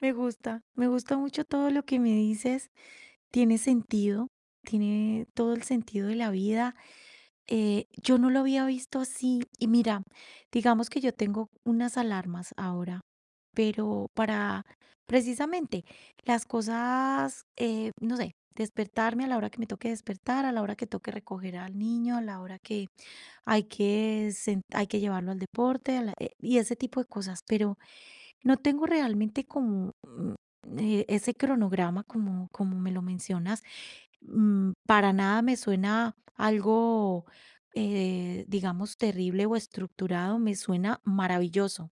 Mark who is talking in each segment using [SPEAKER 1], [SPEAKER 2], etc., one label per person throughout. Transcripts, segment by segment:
[SPEAKER 1] Me gusta, me gusta mucho todo lo que me dices. Tiene sentido, tiene todo el sentido de la vida. Eh, yo no lo había visto así, y mira, digamos que yo tengo unas alarmas ahora, pero para, precisamente, las cosas, eh, no sé, despertarme a la hora que me toque despertar, a la hora que toque recoger al niño, a la hora que hay que sen hay que llevarlo al deporte, a la, eh, y ese tipo de cosas. Pero no tengo, realmente, como, mm, eh, ese cronograma, como como me lo mencionas, mm, para nada me suena algo, eh, digamos, terrible o estructurado, me suena maravilloso,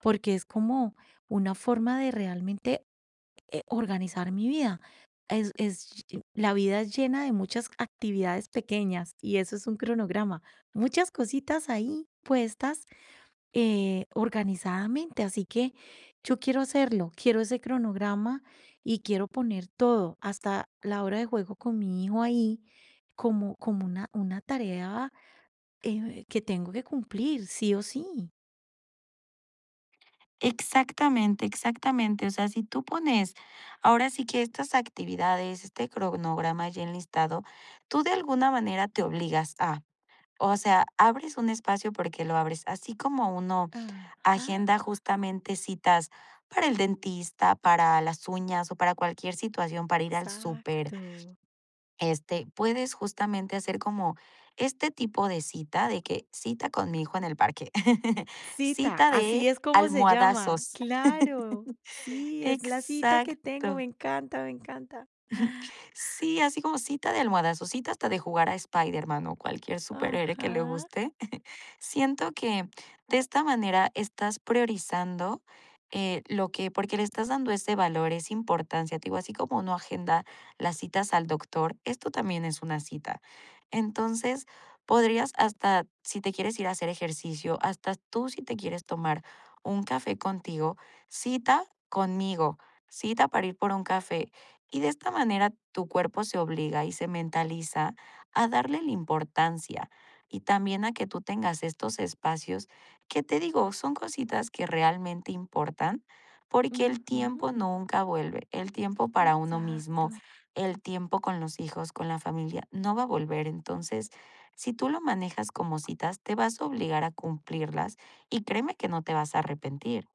[SPEAKER 1] porque es como una forma de realmente, eh, organizar mi vida. Es es, [unintelligible] la vida es llena de muchas actividades pequeñas, y eso es un cronograma, muchas cositas ahí puestas, eh, organizadamente, así que, yo quiero hacerlo, quiero ese cronograma y quiero poner todo, hasta la hora de juego con mi hijo ahí, como como una una tarea, eh, que tengo que cumplir sí o sí.
[SPEAKER 2] Exactamente, exactamente. O sea, si tú pones, ahora sí que estas actividades, este cronograma ya enlistado, tú, de alguna manera te obligas a, o sea, abres un espacio porque lo abres, así como uno
[SPEAKER 1] Ajá.
[SPEAKER 2] agenda, justamente citas para el dentista, para las uñas o para cualquier situación, para ir al súper,
[SPEAKER 1] Exacto.
[SPEAKER 2] este, puedes, justamente, hacer como este tipo de cita, de que cita con mi hijo en el parque,
[SPEAKER 1] Cita,
[SPEAKER 2] cita de
[SPEAKER 1] así es como se llama.
[SPEAKER 2] almohadazos.
[SPEAKER 1] Claro, sí, es la cita que tengo,
[SPEAKER 2] Exacto.
[SPEAKER 1] me encanta, me encanta.
[SPEAKER 2] Sí, así como cita de almohadazos, cita hasta de jugar a Spider-Man o cualquier superhéroe que le
[SPEAKER 1] Ajá.
[SPEAKER 2] guste. Siento que de esta manera estás priorizando, eh, lo que porque le estás dando ese valor, esa importancia, te digo, así como uno agenda las citas al doctor, esto también es una cita. Entonces, podrías hasta, si te quieres ir a hacer ejercicio, hasta tú si te quieres tomar un café contigo, cita conmigo, cita para ir por un café. Y, de esta manera, tu cuerpo se obliga y se mentaliza a darle la importancia y también a que tú tengas estos espacios que, te digo, son cositas que realmente importan porque el
[SPEAKER 1] Ujú.
[SPEAKER 2] tiempo nunca vuelve, el tiempo para uno mismo,
[SPEAKER 1] Exacto.
[SPEAKER 2] el tiempo con los hijos, con la familia, no va a volver. Entonces, si tú lo manejas como citas, te vas a obligar a cumplirlas, y créeme que no te vas a arrepentir.